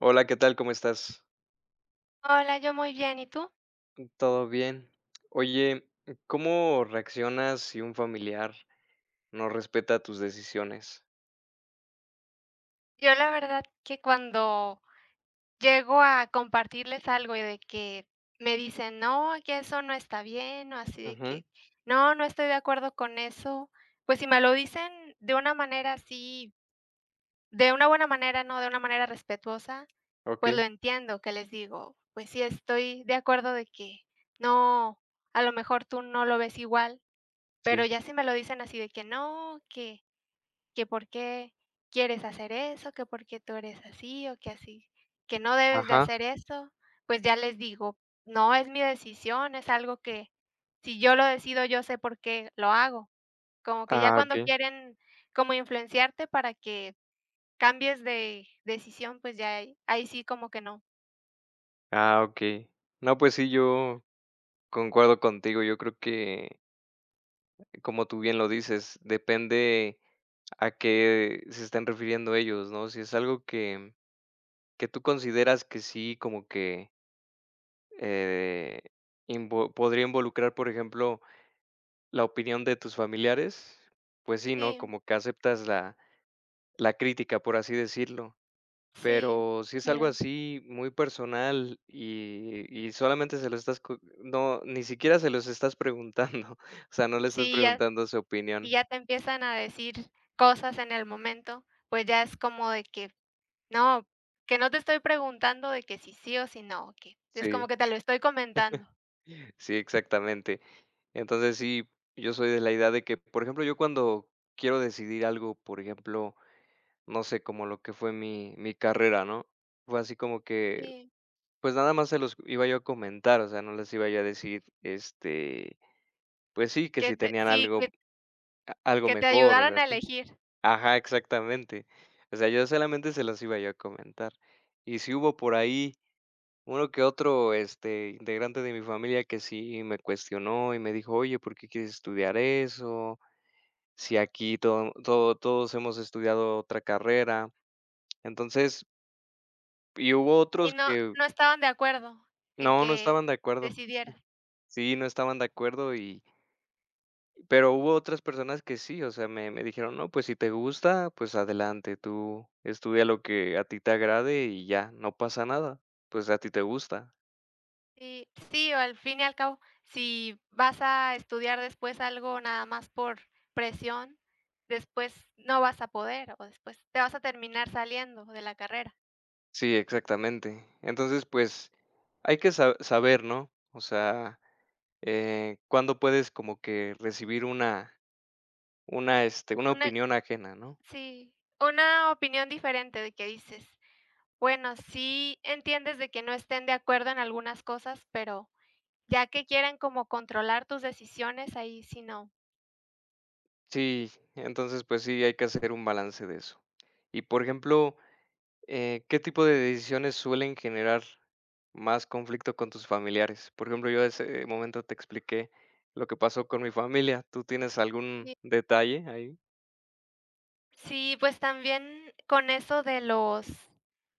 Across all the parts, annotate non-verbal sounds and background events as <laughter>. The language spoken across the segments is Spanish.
Hola, ¿qué tal? ¿Cómo estás? Hola, yo, muy bien, ¿y tú? Todo bien. Oye, ¿cómo reaccionas si un familiar no respeta tus decisiones? Yo la verdad que cuando llego a compartirles algo y de que me dicen: "No, que eso no está bien, ¿no?, así de Ujú. que no, no estoy de acuerdo con eso". Pues, si me lo dicen de una manera así de una buena manera, ¿no?, de una manera respetuosa, pues, Okey. lo entiendo que les digo, pues, sí, estoy de acuerdo de que no, a lo mejor, tú no lo ves igual, pero Sí. ya si me lo dicen así de que no, que que, "¿Por qué quieres hacer eso?, que ¿Porque tú eres así?, o que así que no debes de Ajá. hacer eso", pues, ya les digo: "No, es mi decisión, es algo que, si yo lo decido, yo sé por qué lo hago". Como que ya Ah, cuando okey. quieren como influenciarte para que cambies de decisión, pues, ya ahí ahí sí, como que no. Ah, okey. No, pues sí, yo concuerdo contigo. Yo creo que eh, como tú bien lo dices, depende a qué se estén refiriendo ellos, ¿no? Si es algo que que tú consideras que sí, como que eh, invo podría involucrar, por ejemplo, la opinión de tus familiares. Pues sí, ¿no?, Sí. como que aceptas la la crítica, por así decirlo. Sí. Pero sí es algo <unintelligible> así, muy personal y y y solamente se lo estás co no, ni siquiera se los estás preguntando. O sea, no le estás Sí, y ya preguntando su y opinión. ya te empiezan a decir cosas en el momento. Pues ya es como de que no, que no te estoy preguntando de que si sí o si no, que es Sí. como que te lo estoy comentando. <chuckles> Sí, exactamente. Entonces sí, yo soy de la idea de que, por ejemplo, yo cuando quiero decidir algo, por ejemplo, no sé como lo que fue mi mi carrera, ¿no? Fue así como que Sí. pues nada más se los iba yo a comentar, o sea, no les iba yo a decir, este, pues sí, que Que si te tenían sí, algo que a algo que te mejor o algo ayudaran a así. elegir. Ajá, exactamente. O sea, yo solamente se los iba yo a comentar. Y si hubo por ahí uno que otro, este, integrante de mi familia que sí me cuestionó y me dijo: "Oye, ¿por qué quieres estudiar eso? Si aquí todo todo todos hemos estudiado otra carrera". Entonces Y hubo Y otros no, que no estaban de acuerdo en no, no que estaban de acuerdo. decidiera. Sí, no estaban de acuerdo y pero hubo otras personas que sí. O sea, me me dijeron no, pues si te gusta, pues adelante, tú estudia lo que a ti te agrade y ya, no pasa nada. Pues a ti te gusta. Y, sí, o al fin y al cabo, si vas a estudiar después algo nada más por presión, después no vas a poder o después te vas a terminar saliendo de la carrera. Sí, exactamente. Entonces, pues hay que sa saber, ¿no? O sea, eh, cuándo puedes como que recibir una una este, una Una opinión ajena, ¿no? sí, una opinión diferente de que dices. Bueno, sí entiendes de que no estén de acuerdo en algunas cosas, pero ya que quieren como controlar tus decisiones, ahí si no. Sí. Entonces pues sí, hay que hacer un balance de eso. Y, por ejemplo, eh, ¿qué tipo de decisiones suelen generar más conflicto con tus familiares? Por ejemplo, yo ese momento te expliqué lo que pasó con mi familia. ¿Tú tienes algún Sí. detalle ahí? Sí, pues también con eso de los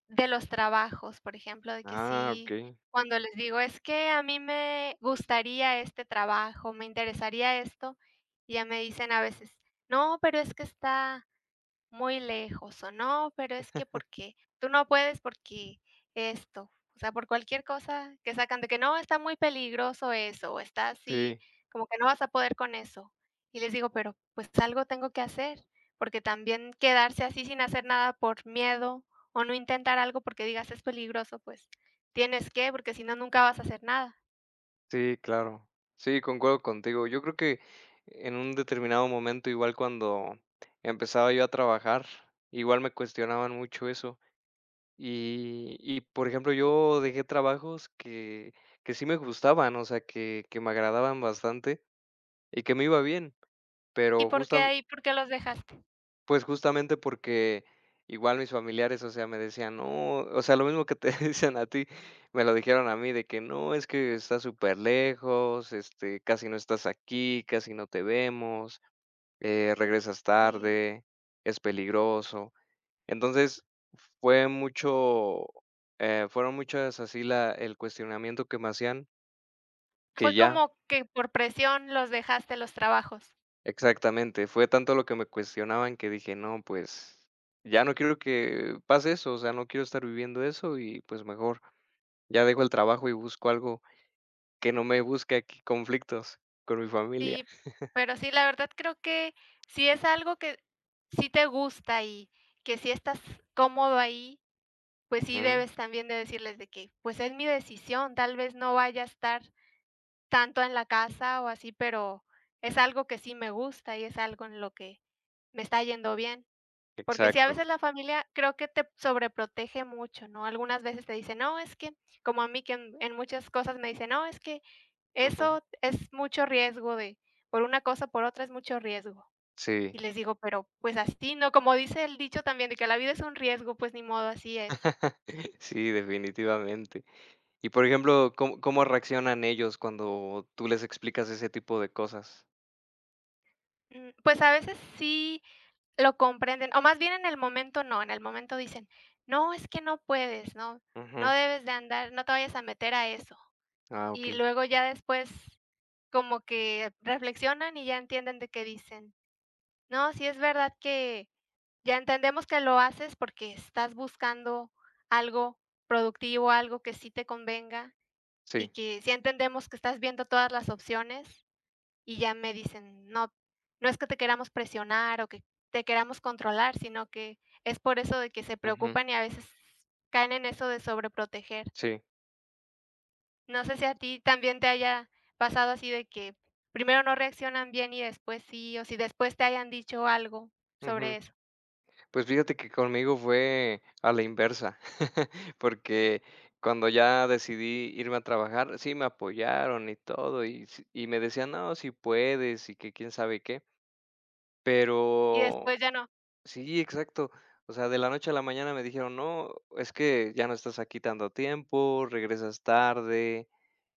de los trabajos, por ejemplo, de que Ah, sí okey. cuando les digo, "Es que a mí me gustaría este trabajo, me interesaría esto", y ya me dicen a veces: "No, pero es que está muy lejos o no, pero es que <chuckles> porque tú no puedes porque esto", o sea, por cualquier cosa que sacan de que "No, está muy peligroso eso, está así Sí. como que, no vas a poder con eso", y les digo "Pero pues algo tengo que hacer", porque también quedarse así sin hacer nada por miedo o no intentar algo porque digas "es peligroso", pues, tienes que, porque si no, nunca vas a hacer nada. Sí, claro. Sí, concuerdo contigo, yo creo que en un determinado momento, igual cuando empezaba yo a trabajar igual me cuestionaban mucho eso y y por ejemplo, yo dejé trabajos que que sí me gustaban, o sea que que me agradaban bastante y que me iba bien, ¿Y pero por qué justam ahí? ¿Por qué los dejaste? Pues justamente porque igual mis familiares, o sea, me decían: "No", o sea, lo mismo que te dicen a ti, me lo dijeron a mí de que: "No, es que está superlejos", este, "casi no estás aquí, casi no te vemos", eh, "regresas Sí. tarde, es peligroso", entonces, fue mucho eh, fueron muchas así la el cuestionamiento que me hacían que Fue ya como que, por presión los dejaste, los trabajos. Exactamente, fue tanto lo que me cuestionaban que dije: "No, pues, ya no quiero que pase eso, o sea, no quiero estar viviendo eso y pues mejor ya dejo el trabajo y busco algo que no me busque aquí conflictos con mi familia". Sí, <chuckles> pero sí, la verdad, creo que, si es algo que sí te gusta y que sí estás cómodo ahí, pues sí, Ujú. debes también de decirles de que: "Pues es mi decisión, tal vez no vaya a estar tanto en la casa o así, pero es algo que sí me gusta y es algo en lo que me está yendo bien", porque sí, a Exacto. veces la familia creo que te sobreprotege mucho, ¿no?, algunas veces te dice: "No, es que" como a mí que en en muchas cosas me dice: "No, es que Ujú. eso es mucho riesgo de por una cosa o por otra es mucho riesgo", Sí. y les digo: "Pero, pues así, ¿no?, como dice el dicho también de que la vida es un riesgo, pues ni modo así es". <chuckles> Sí, definitivamente. Y, por ejemplo, ¿com cómo reaccionan ellos cuando tú les explicas ese tipo de cosas? Mm, pues, a veces sí lo comprenden o más bien en el momento, no. En el momento dicen: "No es que no puedes, ¿no?, no Ujú. debes de andar no te vayas a meter a eso", Ah, y okey. luego ya después como que reflexionan y ya entienden de qué dicen: "No, si es verdad que ya entendemos que lo haces porque estás buscando algo productivo, algo que sí te convenga y Sí. que sí entendemos que estás viendo todas las opciones" y ya me dicen: "No, no es que te queramos presionar o que te queramos controlar", sino que es por eso de que se Ujú. preocupan y a veces caen en eso de sobreproteger. Sí. No sé si a ti también te haya pasado así de que, primero no reaccionan bien y después sí, o si después te hayan dicho algo sobre Ujú. eso. Pues, fíjate que conmigo fue a la inversa <chuckles> porque cuando ya decidí irme a trabajar, sí me apoyaron y todo y s y me decían: "No, si puedes" y que quién sabe qué. Y Pero después ya no. sí, exacto. O sea, de la noche a la mañana me dijeron: "No, es que ya no estás aquí tanto tiempo, regresas tarde,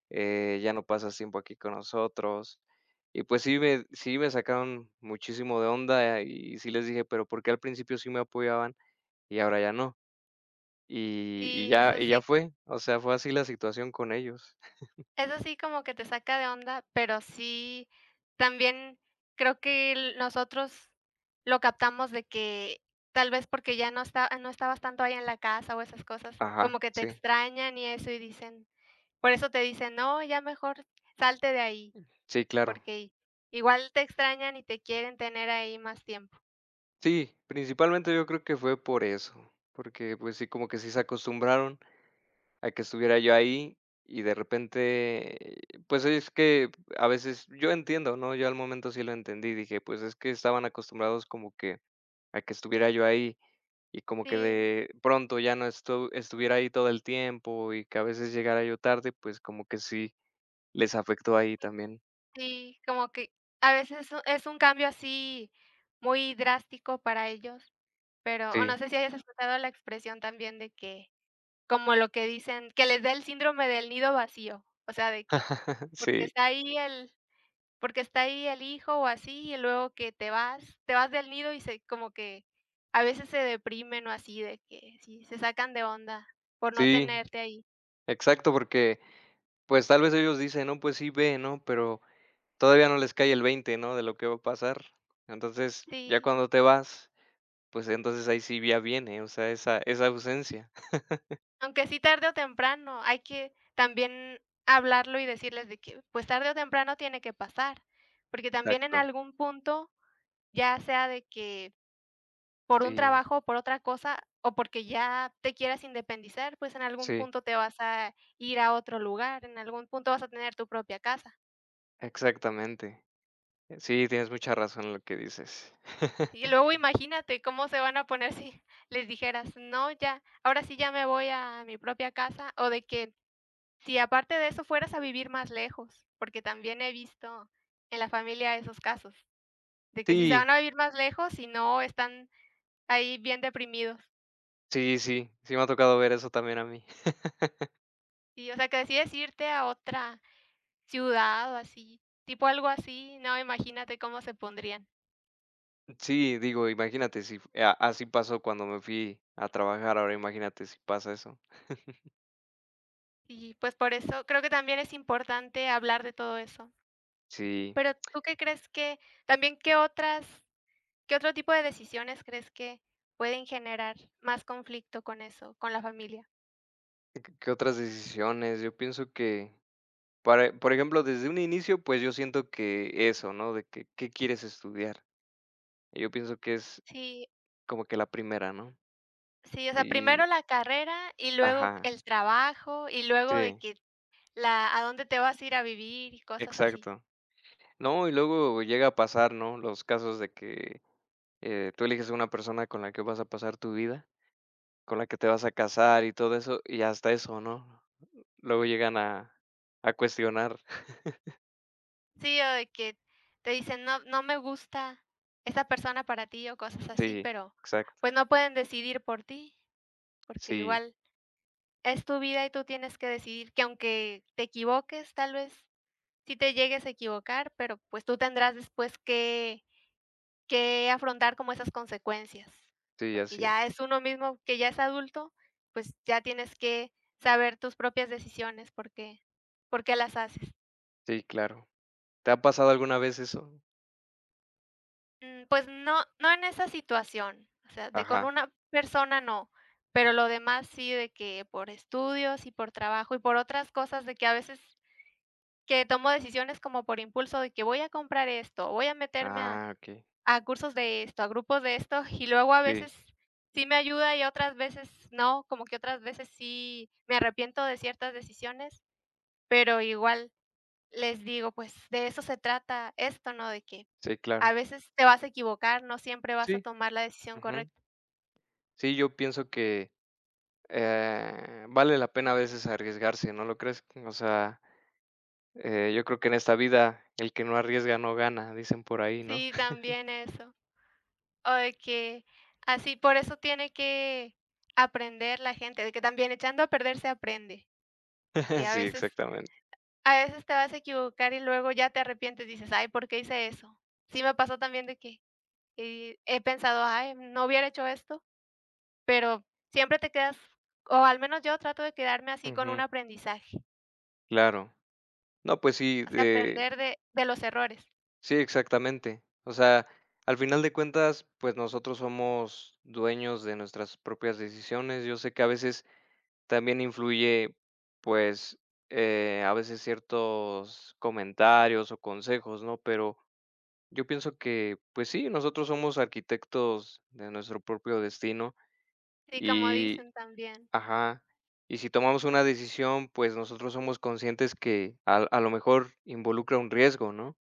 eh, ya no pasas tiempo aquí con nosotros" y, pues, sí me sí me sacaron muchísimo de onda y sí les dije: "Pero ¿por qué al principio sí me apoyaban y ahora ya no?" Y y Sí, ya eso y ya sí. fue. O sea, fue así la situación con ellos. <chuckles> Eso sí como que te saca de onda, pero sí, también creo que l nosotros lo captamos de que tal vez porque ya no esta ya no estabas tanto ahí en la casa o esas cosas Ajá, como que te sí. extrañan y eso, y dicen, por eso te dicen: "No, ya mejor salte de ahí", Sí, claro. porque i igual te extrañan y te quieren tener ahí más tiempo. Sí, principalmente yo creo que fue por eso, porque, pues sí, como que sí se acostumbraron a que estuviera yo ahí, y de repente, pues es que a veces yo entiendo, ¿no? Yo al momento sí lo entendí, dije, pues es que estaban acostumbrados como que a que estuviera yo ahí, y como que Sí. de pronto ya no estu estuviera ahí todo el tiempo y que a veces llegara yo tarde, pues como que sí les afectó ahí también. Sí, como que a veces eso es un cambio así muy drástico para ellos, pero o no Sí. sé si hayas escuchado la expresión también de que como lo que dicen: "Que le dé el síndrome del nido vacío". O sea, de que, <chuckles> porque Sí. está ahí el porque está ahí el hijo o así, y luego que te vas te vas del nido y se como que a veces se deprimen o así de que sí se sacan de onda por no Sí. tenerte ahí. Exacto, porque pues tal vez ellos dicen: "No, pues sí, ve", ¿no?, pero todavía no les cae el 20 ¿no?, de lo que va a pasar. Entonces ya Sí. cuando te vas, pues entonces ahí sí ya viene, o sea, esa esa ausencia. <chuckles> Aunque sí tarde o temprano, hay que también hablarlo y decirles de que, pues, tarde o temprano tiene que pasar. Porque también en Exacto. algún punto, ya sea de que, por un Sí. trabajo o por otra cosa o porque ya te quieras independizar, pues en algún Sí. punto te vas a ir a otro lugar en algún punto vas a tener tu propia casa. Exactamente. Sí, tienes mucha razón en lo que dices. <chuckles> Y luego imagínate cómo se van a poner si les dijeras: "No, ya, ahora sí, ya me voy a mi propia casa" o de que, si aparte de eso, fueras a vivir más lejos, porque también he visto en la familia esos casos de que si se Sí. van a vivir más lejos, y no, están ahí bien deprimidos. Sí, sí. Sí, me ha tocado ver eso también a mí. <chuckles> Sí, o sea que decides irte a otra ciudad o así, tipo algo así, no, imagínate cómo se pondrían. Sí, digo, imagínate si f ah, así pasó cuando me fui a trabajar, ahora imagínate si pasa eso. <chuckles> Sí, pues, por eso creo que también es importante hablar de todo eso. Sí. Pero ¿tú qué crees que? También, ¿qué otras? ¿Qué otro tipo de decisiones crees que pueden generar más conflicto con eso, con la familia? Y q qué otras decisiones, yo pienso que para por ejemplo, desde un inicio, pues, yo siento que eso, ¿no?, de que, ¿qué quieres estudiar? y yo pienso que es Sí. como que la primera, ¿no? Sí, o sea, Y primero la carrera y luego Ajá. el trabajo y luego de Sí. que la a dónde te vas a ir a vivir y cosas así. Exacto. No y luego llega a pasar, ¿no? Los casos de que, eh, tú eliges una persona con la que vas a pasar tu vida, con la que te vas a casar y todo eso y hasta eso, ¿no? Luego llegan a a cuestionar. <chuckles> Sí, o de que, te dicen "No, no me gusta esa persona para ti", o cosas así, Sí, pero, exacto. pues, no pueden decidir por ti. Porque Sí. igual es tu vida, y tú tienes que decidir que aunque te equivoques. Tal vez sí te llegues a equivocar, pero, pues, tú tendrás después que, que afrontar como esas consecuencias, Sí, porque así es. ya es uno mismo que ya es adulto, pues, ya tienes que saber tus propias decisiones. Por qué por qué las haces. Sí, claro, ¿te ha pasado alguna vez eso? Mm, pues no no en esa situación. O sea, de con Ajá. una persona, no, pero lo demás sí, de que por estudios y por trabajo, y por otras cosas de que a veces que tomo decisiones como por impulso, de que voy a comprar esto, voy a meterme a Ah, okey. a cursos de esto, a grupos de esto, y luego a Sí. veces sí me ayuda y otras veces no. Como que otras veces sí me arrepiento de ciertas decisiones, pero igual les digo: "Pues, de eso se trata esto", ¿no?, de que Sí, claro. a veces te vas a equivocar. No siempre vas a Sí, tomar la decisión ujú. correcta. Sí, yo pienso que, eh, vale la pena a veces arriesgarse, ¿no lo crees? O sea, eh, yo creo que en esta vida el que no arriesga no gana, dicen por ahí, ¿no? Sí, <chuckles> también eso. O de que, así por eso tiene que aprender la gente de que también echando a perder se aprende. Porque <chuckles> a Sí, veces, exactamente. a veces te vas a equivocar. y luego ya te arrepientes, dices: "Ay, ¿por qué hice eso?" Sí, me pasó también de que, eh, he pensado: "Ay, no hubiera hecho esto", pero siempre te quedas, o al menos yo trato de quedarme así con un Ujú. aprendizaje. Claro. No, pues, sí, O sea, eh aprender de de los errores. Sí, exactamente. O sea, al final de cuentas, pues, nosotros somos dueños de nuestras propias decisiones. Yo sé que a veces también influye, pues, eh, a veces ciertos comentarios o consejos, ¿no?, pero yo pienso que, pues sí, nosotros somos arquitectos de nuestro propio destino. Sí, como Y dicen también. Ajá. Y si tomamos una decisión, pues, nosotros somos conscientes que a a lo mejor involucra un riesgo, ¿no?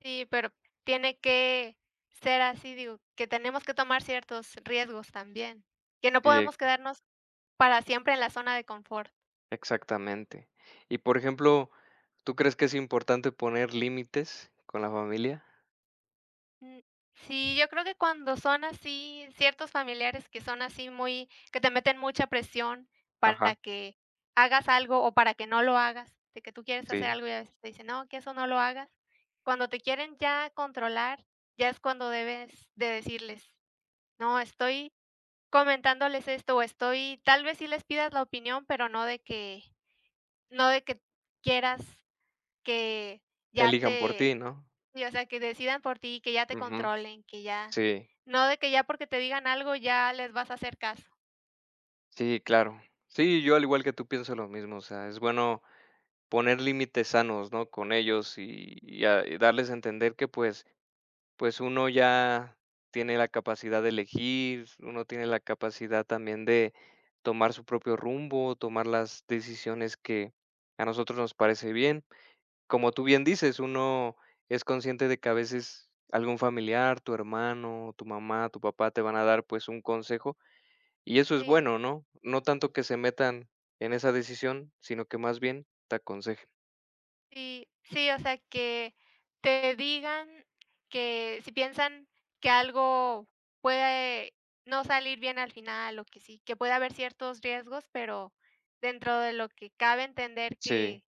Sí, pero tiene que ser así, digo, que tenemos que tomar ciertos riesgos también. Que no Sí, ¿eh? podemos quedarnos para siempre en la zona de confort. Exactamente. Y, por ejemplo, ¿tú crees que es importante poner límites con la familia? Um. Sí, yo creo que cuando son así, ciertos familiares que son así muy que te meten mucha presión para Ajá. que hagas algo, o para que no lo hagas de que tú quieres hacer Sí. algo, ya ves que te dicen "No, que eso no lo hagas". Cuando te quieren ya controlar, ya es cuando debes de decirles: "No, estoy comentándoles esto o estoy", tal vez sí les pidas la opinión, pero no de que no de que quieras que ya Elijan por ti te ¿no? Si, o sea que decidan por ti, y que ya te Ujú. controlen, que ya Sí. no de que ya porque te digan algo, ya les vas a hacer caso. Sí, claro. Sí, yo, al igual que tú pienso lo mismo, o sea, es bueno poner límites sanos, ¿no?, con ellos y -y a darles a entender que pues pues uno ya tiene la capacidad de elegir. Uno tiene la capacidad también de tomar su propio rumbo, tomar las decisiones que a nosotros nos parece bien. Como tú bien dices: "Uno es consciente de que a veces algún familiar, tu hermano, tu mamá, tu papá te van a dar, pues un consejo". Y eso es Sí. bueno, ¿no?, no tanto que se metan en esa decisión, sino que más bien te aconsejen. Sí. Sí, o sea que, te digan que, si piensan que algo puede no salir bien al final o que sí que puede haber ciertos riesgos, pero dentro de lo que cabe entender Sí. que,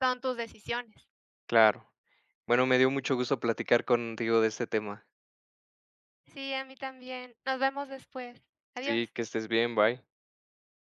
son tus decisiones. Claro. Bueno, me dio mucho gusto platicar contigo de este tema. Sí, a mí también. Nos vemos después. Adiós. Sí, que estés bien, bye.